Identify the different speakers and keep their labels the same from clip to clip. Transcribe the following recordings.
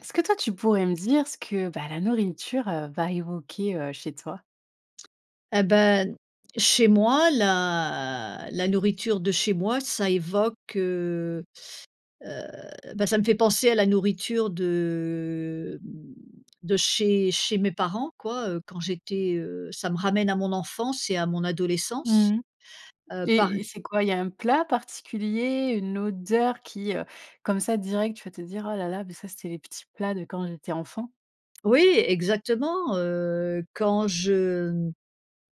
Speaker 1: Est-ce que toi, tu pourrais me dire ce que bah, la nourriture, heu, va évoquer, heu, chez toi?
Speaker 2: Et beh, chez moi la la nourriture de chez moi ça évoque, heu heu, bah, ça me fait penser à la nourriture de de chez chez mes parents quoi, heu, quand j'étais, heu ça me ramène à mon enfance et à mon adolescence,
Speaker 1: Mmh mh
Speaker 2: heu, par
Speaker 1: et
Speaker 2: e
Speaker 1: c'est quoi? Il y a un plat particulier, une odeur qui, heu, comme ça direct, tu vas te dire: «Oh là là, mais ça, c'était les petits plats de quand j'étais enfant».
Speaker 2: Oui exactement heu quand je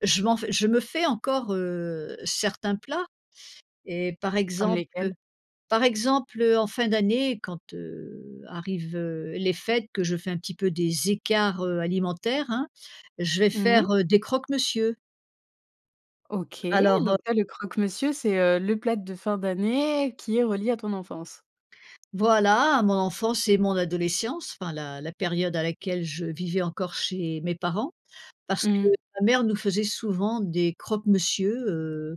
Speaker 2: je m'en je me fais encore heu certains plats et par
Speaker 1: Comme lesquelles?
Speaker 2: exemple par exemple en fin d'année quand heu arrivent heu les fêtes que je fais un petit peu des écarts heu, alimentaires hein, je vais
Speaker 1: Mmh mh.
Speaker 2: faire, heu, des croques monsieur.
Speaker 1: OK.
Speaker 2: Alors heu
Speaker 1: Donc là, le croque monsieur, c'est, heu, le plat de fin d'année qui est relié à ton enfance.
Speaker 2: voilà, mon enfance et mon adolescence, enfin la la période à laquelle je vivais encore chez mes parents. Parce que
Speaker 1: Mmh.
Speaker 2: ma mère nous faisait souvent des croques monsieur, heu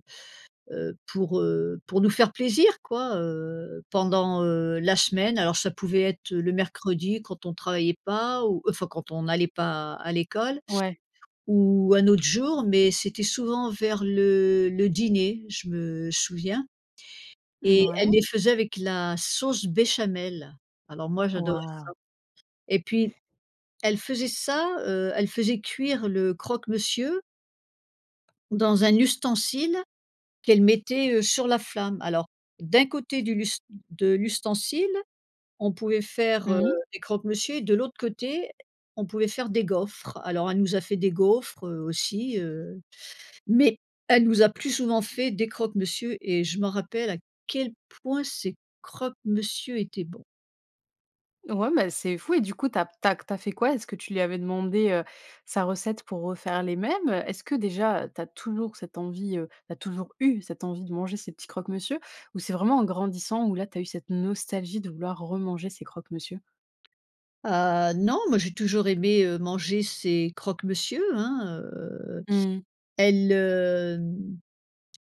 Speaker 2: heu, pour heu pour nous faire plaisir quoi, heu, pendant, heu, la semaine. Alors ça pouvait être le mercredi quand on travaillait pas ou enfin quand on n'allait pas à l'école,
Speaker 1: Ouais.
Speaker 2: ou un autre jour, mais c'était souvent vers le le dîner, je me souviens,
Speaker 1: Mmh
Speaker 2: et elle
Speaker 1: ouais.
Speaker 2: les faisait avec la sauce béchamel. Alors moi
Speaker 1: Wa
Speaker 2: j'adorais
Speaker 1: wahouh!
Speaker 2: ça, et puis, elle faisait ça, heu elle faisait cuire le croque monsieur Dans un ustensile, qu'elle mettait, heu, sur la flamme. Alors d'un côté du l'u de l'ustensile, on pouvait faire, heu,
Speaker 1: Mmh mh.
Speaker 2: des croque-monsieur et de l'autre côté, on pouvait faire des gaufres. Alors elle nous a fait des gaufres, heu, aussi, heu, mais elle nous a plus souvent fait des croque monsieur et je m'en rappelle à quel point ces croque-monsieur étaient bons.
Speaker 1: Ouais mais c'est fou et du coup, tu as tu as tu as fait quoi? Est-ce que tu lui avais demandé, heu, sa recette pour refaire les mêmes? Est-ce que déjà tu as toujours cette envie, heu, tu as toujours eu cette envie de manger ces petits croque-monsieur? Ou c'est vraiment en grandissant où là, tu as eu cette nostalgie de vouloir remanger ces croque-monsieur?
Speaker 2: Ah non, moi j'ai toujours aimé, heu, manger ces croque-monsieur hein. Heu,
Speaker 1: Mmh.
Speaker 2: elle, heu heu,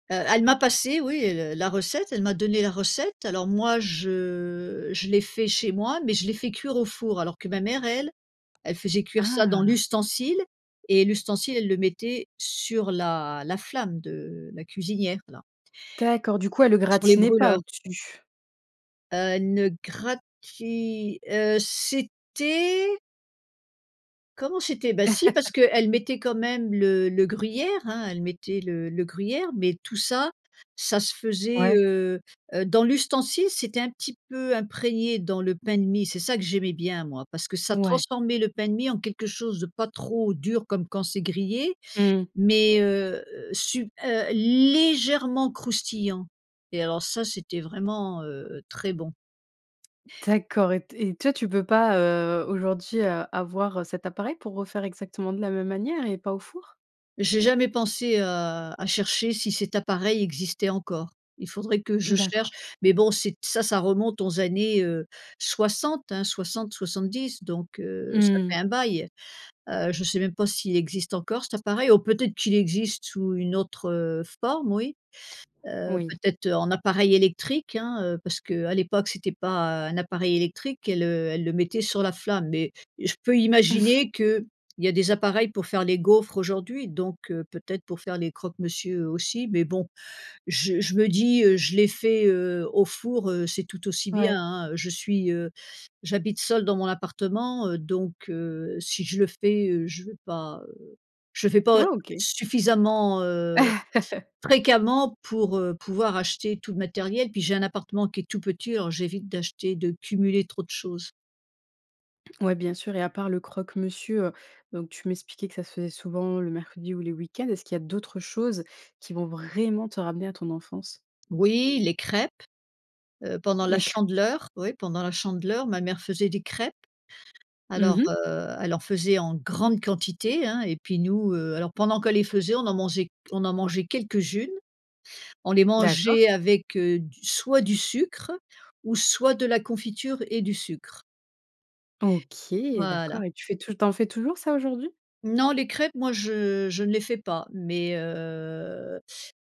Speaker 2: elle m'a passé oui, heu, la recette, elle m'a donné la recette alors moi je je l'ai fait chez moi, mais je l'ai fait cuire au four alors que ma mère, elle elle faisait cuire ça dans
Speaker 1: Ah!
Speaker 2: l'ustensile et l'ustensile elle le mettait sur la la flamme de la cuisinière là
Speaker 1: D'accord, du coup, elle le
Speaker 2: sur les
Speaker 1: gratinait pas
Speaker 2: brûleurs.
Speaker 1: au-dessus?
Speaker 2: Heu, une gratuit, heu, c'était comment c'était ben si parce que elle mettait quand même le le gruyère, hein, elle mettait le le gruyère, mais tout ça, ça se faisait,
Speaker 1: Ouais.
Speaker 2: heu heu, dans l'ustensile, c'était un petit peu imprégné dans le pain de mie. C'est ça que j'aimais bien moi parce que ça
Speaker 1: Ouais.
Speaker 2: transformait le pain de mie en quelque chose de pas trop dur comme quand c'est grillé
Speaker 1: Mmh.
Speaker 2: mais heu, su heu, légèrement croustillant et alors ça c'était vraiment, heu, très bon.
Speaker 1: D'accord. Et t et toi tu peux pas, heu, aujourd'hui, heu, avoir, heu, cet appareil pour refaire exactement de la même manière et pas au four?
Speaker 2: J'ai jamais pensé à à chercher si cet appareil existait encore, il faudrait que je cherche
Speaker 1: D'accord.
Speaker 2: mais bon c'est ça ça remonte aux années, heu, 60, hein, 60-70 donc heu, ça
Speaker 1: Mmh.
Speaker 2: fait un bail. Heu, je sais même pas s'il existe encore cet appareil ou peut-être qu'il existe sous une autre forme, oui. Heu,
Speaker 1: Oui.
Speaker 2: peut-être en appareil électrique hein, heu, parce que à l'époque, c'était pas un appareil électrique, elle, heu, elle le mettait sur la flamme et je peux imaginer qu'il y a des appareils pour faire les gaufres aujourd'hui donc heu, peut-être pour faire les croque monsieur aussi, mais bon. Je je me dis, heu: «Je l'ai fait, heu, au four, heu, c'est tout aussi bien,
Speaker 1: Ouais.
Speaker 2: hein». Je suis, heu j'habite seul dans mon appartement, heu, donc heu, si je le fais, heu, je veux pas, heu, je fais
Speaker 1: Ouais
Speaker 2: pas
Speaker 1: OK.
Speaker 2: suffisamment, heu, fréquemment pour, heu, pouvoir acheter tout le matériel puis j'ai un appartement qui est tout petit alors j'évite d'acheter, de cumuler trop de choses.
Speaker 1: Ouais, bien sûr et à part le croque-monsieur, heu, donc tu m'expliquais que ça se faisait souvent le mercredi ou les week-ends. Est-ce qu'il y a d'autres choses, qui vont vraiment te ramener à ton enfance?
Speaker 2: Oui les crêpes! Heu, pendant la
Speaker 1: Les crêpes.
Speaker 2: Chandeleur, oui, pendant la Chandeleur, ma mère faisait des crêpes.
Speaker 1: Mmh
Speaker 2: Alors,
Speaker 1: mh.
Speaker 2: heu, elle en faisait en grande quantité hein, et puis nous, heu, alors, pendant qu'elle les faisait, on en mangeait on en mangeait quelques-unes. On les
Speaker 1: D'accord.
Speaker 2: mangeait avec, heu, du soit du sucre ou soit de la confiture et du sucre
Speaker 1: OK, d'accord
Speaker 2: voilà.
Speaker 1: et tu fais tout le t tu en fais toujours ça, aujourd'hui?
Speaker 2: Non, les crêpes moi je je ne les fais pas. Mais, heu,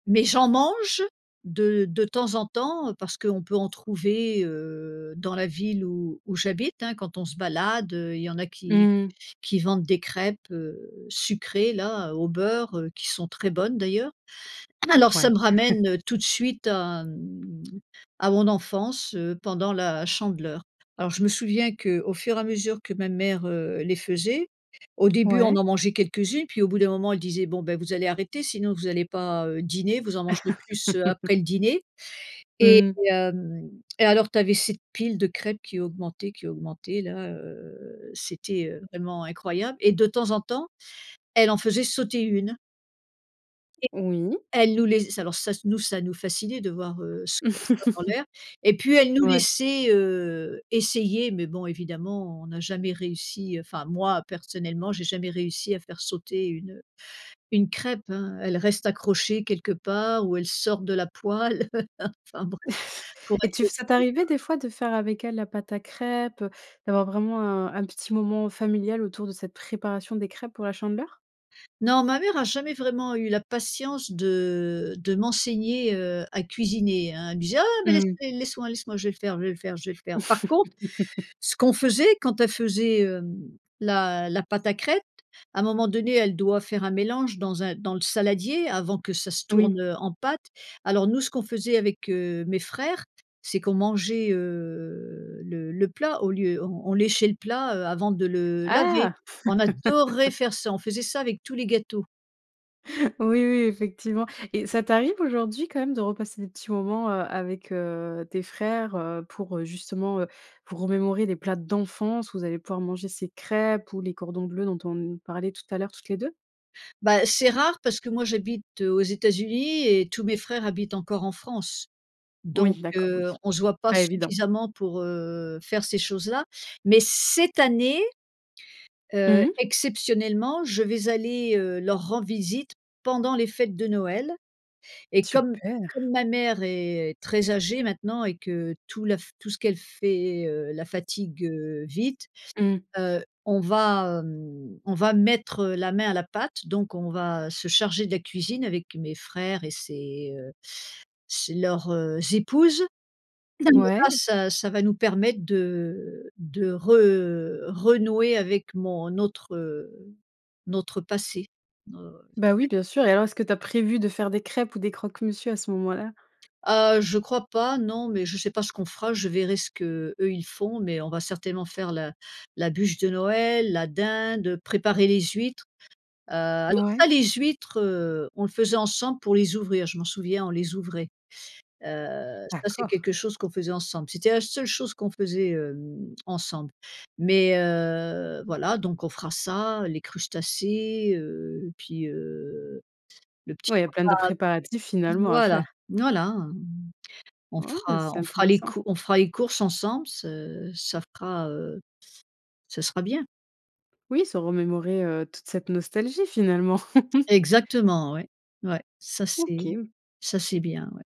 Speaker 2: mais j'en mange de de temps en temps, parce qu'on peut en trouver, heu, dans la ville où où j'habite, hein, quand on se balade, heu, il y en a qui
Speaker 1: Mmh.
Speaker 2: qui vendent des crêpes, heu, sucrées là, au beurre, heu, qui sont très bonnes, d'ailleurs.
Speaker 1: Mmh
Speaker 2: Alors
Speaker 1: f
Speaker 2: ça
Speaker 1: ouais.
Speaker 2: me ramène tout de suite à m à mon enfance, heu, pendant la Chandeleur. Alors, je me souviens qu'au fur et à mesure, que ma mère, heu, les faisait, au début, on
Speaker 1: Ouais.
Speaker 2: en mangeait quelques-unes, puis au bout d'un moment, elle disait: «Bon beh, vous allez arrêter, sinon vous allez pas, heu, dîner, vous en mangerez plus, heu, après le dîner» et
Speaker 1: Mmh.
Speaker 2: hem et alors tu avais cette pile de crêpes qui augmentait, qui augmentait là, heu, c'était, heu, vraiment incroyable et de temps en temps, elle en faisait sauter une. Et
Speaker 1: Oui.
Speaker 2: elle nous laiss ça alors ça nous ça nous fascinait de voir, heu, [unintelligible] ça dans l'air et puis elle nous
Speaker 1: Ouais.
Speaker 2: laissait, heu, essayer. Mais bon évidemment, on a jamais réussi enfin moi personnellement, j'ai jamais réussi à faire sauter une, heu, une crêpe, hein. Elle reste accrochée quelque part où elle sort de la poêle enfin bref, pour
Speaker 1: Et tu
Speaker 2: attirer
Speaker 1: f ça t'arrivait
Speaker 2: [unintelligible]
Speaker 1: des fois de faire avec elle, la pâte à crêpes? Heu, d'avoir vraiment un un petit moment familial autour de cette préparation des crêpes pour la Chandeleur?
Speaker 2: Non, ma mère a jamais vraiment eu la patience de de m'enseigner, heu, à cuisiner, hein. Elle me disait: «Ah mais
Speaker 1: Mmh.
Speaker 2: laissez laisse-moi laisse-moi, je vais le faire je vais le faire je vais le faire». Par contre ce qu'on faisait quand elle faisait, hem, la la pâte à crêpe. Un moment donné, elle doit faire un mélange dans un dans le saladier avant que ça se
Speaker 1: Oui.
Speaker 2: tourne, heu, en pâte. Alors nous ce qu'on faisait avec, heu, mes frères. C'est qu'on mangeait, heu, le le plat au lieu, on on léchait le plat, heu, avant de le laver.
Speaker 1: Ah!
Speaker 2: On adorait faire ça, on faisait ça avec tous les gâteaux.
Speaker 1: Oui, oui, effectivement et ça t'arrive aujourd'hui quand même de repasser des petits moments, heu, avec, heu, tes frères, heu, pour, heu, justement, heu, pour remémorer les plats d'enfance où vous allez pouvoir manger ces crêpes ou les cordons bleu dont on n parlait tout à l'heure toutes les 2?
Speaker 2: Bah, c'est rare parce que moi j'habite, heu, aux États-Unis et tous mes frères habitent encore en France. Donc
Speaker 1: Oui, d'accord,
Speaker 2: heu,
Speaker 1: oui.
Speaker 2: on se voit pas
Speaker 1: Pas évident.
Speaker 2: suffisamment pour, heu, faire ces choses-là. Mais cette année, heu,
Speaker 1: Mmh mh.
Speaker 2: exceptionnellement, je vais aller, heu, leur rendre visite pendant les fêtes de Noël et comme
Speaker 1: Super!
Speaker 2: comme ma mère est très âgée maintenant et que tout la fa tout ce qu'elle fait, heu, la fatigue, heu, vite,
Speaker 1: Mmh.
Speaker 2: heu, on va, hem, on va mettre, heu, la main à la pâte. Donc on va se charger de la cuisine avec mes frères et ses, heu, ses leurs, heu, épouses et là
Speaker 1: Ouais.
Speaker 2: ça ça va nous permettre de de re renouer avec mon autre, heu, notre passé, heu,
Speaker 1: Bah oui,
Speaker 2: ouais.
Speaker 1: bien sûr et alors est-ce que tu as prévu de faire des crêpes ou des croque-monsieur à ce moment-là?
Speaker 2: Heu, je crois pas non, mais je sais pas ce qu'on fera. Je verrai ce qu'eux, ils font, mais on va certainement faire la la bûche de Noël, la dinde, préparer les huîtres. Heu, alors ça
Speaker 1: Ouais.
Speaker 2: les huîtres, heu, on le faisait ensemble pour les ouvrir, je m'en souviens, on les ouvrait. Heu, ça c'est
Speaker 1: D'accord.
Speaker 2: quelque chose qu'on faisait ensemble. C'était la seule chose qu'on faisait, hem, ensemble. Mais, heu, voilà donc on fera ça, les crustacés, heu, puis, heu, le petit
Speaker 1: Oui, il y a plein
Speaker 2: repas.
Speaker 1: de préparatifs, finalement, à
Speaker 2: Voilà.
Speaker 1: faire.
Speaker 2: Voilà, mmh. On
Speaker 1: Ouais, beh,
Speaker 2: fera
Speaker 1: c'est
Speaker 2: on fera les
Speaker 1: intéressant.
Speaker 2: cou on fera les courses ensemble ce ça fera, heu, ça sera bien.
Speaker 1: Oui, se remémorer, heu, toute cette nostalgie finalement.
Speaker 2: Exactement. Ouais. Ouais. Ça c'est
Speaker 1: OK. O
Speaker 2: ça c'est bien, ouais.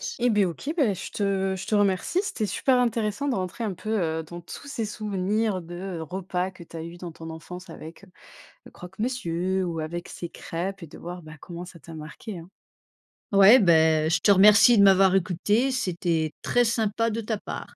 Speaker 2: S
Speaker 1: Eh bah, OK. Bah je te je te remercie. C'était super intéressant de rentrer un peu, heu, dans tous ces souvenirs de repas que tu as eu dans ton enfance avec, heu, le croque-monsieur ou avec ces crêpes et de voir, bah, comment ça t'a marquée, hein.
Speaker 2: Ouais, beh, je te remercie de m'avoir écoutée, c'était très sympa de ta part.